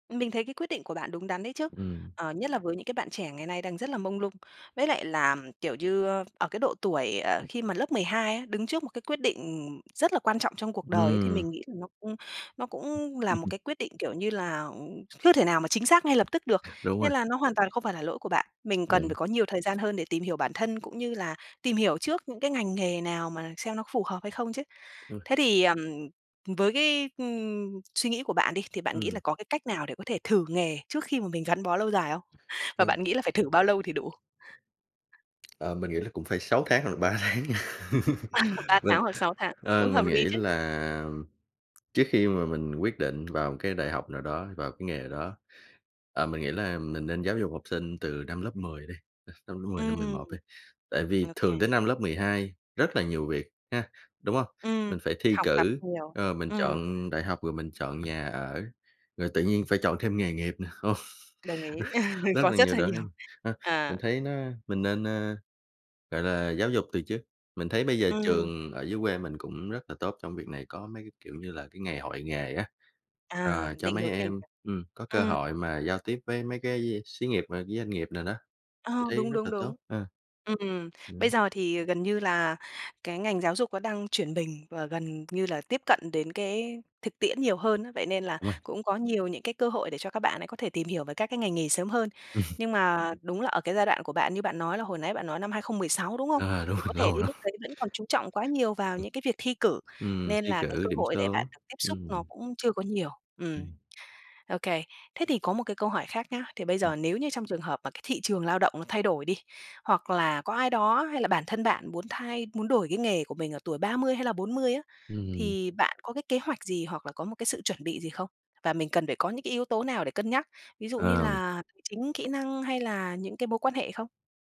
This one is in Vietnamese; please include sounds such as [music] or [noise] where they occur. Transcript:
Mình thấy cái quyết định của bạn đúng đắn đấy chứ. Ừm. Ờ, nhất là với những cái bạn trẻ ngày nay đang rất là mông lung. Với lại là, kiểu như, ờ, ở cái độ tuổi, ờ, khi mà lớp 12 á, đứng trước một cái quyết định, ừm, rất là quan trọng trong cuộc đời ấy thì Ừm. mình nghĩ là nó cũng nó cũng là một [laughs] cái quyết định, kiểu như là, à, chưa thể nào mà chính xác ngay lập tức được. Đúng Nên rồi. là nó hoàn toàn không phải là lỗi của bạn. Mình cần phải Đúng. có nhiều thời gian hơn để tìm hiểu bản thân cũng như là tìm hiểu trước những cái ngành nghề nào mà xem nó có phù hợp hay không chứ. Ừ. Thế thì, ờm, với cái, ừm, suy nghĩ của bạn đi thì bạn nghĩ Ừm. là có cái cách nào để có thể thử nghề trước khi mà mình gắn bó lâu dài không? Và Vâng. bạn nghĩ là phải thử bao lâu thì đủ? Ờ, mình nghĩ là cũng phải 6 tháng hoặc là 3 tháng nha, À, 3 [laughs] mình, tháng hoặc 6 tháng, ờ, cũng hợp mình lý nghĩ chứ. là, trước khi mà mình quyết định vào một cái đại học nào đó, vào cái nghề nào đó, ờ, mình nghĩ là mình nên giáo dục học sinh từ năm lớp 10 đi, [unintelligible] năm lớp 10 năm mười Ừm. một đi, tại vì thường OK. tới năm lớp 12 rất là nhiều việc, ha, đúng hông? Ừm. Mình phải thi Học tập cử, nhiều. ờ, mình Ừm. chọn đại học rồi mình chọn nhà ở. Rồi tự nhiên phải chọn thêm nghề nghiệp nè, không? Đồng ý, [laughs] [laughs] Rất có là rất nhiều là đó nhiều. ha, ha, mình À. thấy nó mình nên, ơ, gọi là giáo dục từ trước, mình thấy bây giờ Ừm. trường ở dưới quê mình cũng rất là tốt trong việc này, có mấy cái, kiểu như là, cái ngày hội nghề á, À, ờ, cho định mấy hướng nghề em, nghiệp, ừm, có cơ ừm. hội mà giao tiếp với mấy cái [unintelligible] xí nghiệp và với doanh nghiệp nào đó, Ờ, mình thấy đúng, rất đúng, là đúng. tốt ha. Ừm, bây Ừm. giờ thì gần như là cái ngành giáo dục nó đang chuyển mình và gần như là tiếp cận đến cái thực tiễn nhiều hơn á. Vậy nên là Đúng rồi. cũng có nhiều những cái cơ hội để cho các bạn ấy có thể tìm hiểu về các cái ngành nghề sớm hơn. [laughs] Nhưng mà đúng là ở cái giai đoạn của bạn như bạn nói là hồi nãy bạn nói năm 2016, đúng hông? Ờ, đúng Thì rồi, có thể lâu đến lắm. lúc đấy vẫn còn chú trọng quá nhiều vào Ừm. những cái việc thi cử, Ừm, nên thi là cái cử cơ điểm hội để bạn số, được tiếp xúc ừm. nó cũng chưa có nhiều. Ừm. Ừm. OK. Thế thì có một cái câu hỏi khác nhá, thì bây Ừm. giờ nếu như trong trường hợp mà cái thị trường lao động nó thay đổi đi, hoặc là có ai đó hay là bản thân bạn muốn thay muốn đổi cái nghề của mình ở tuổi 30 hay là 40 á, Ừm. thì bạn có cái kế hoạch gì hoặc là có một cái sự chuẩn bị gì không? Và mình cần phải có những cái yếu tố nào để cân nhắc, ví dụ như Ờ. là tài chính, kỹ năng hay là những cái mối quan hệ không?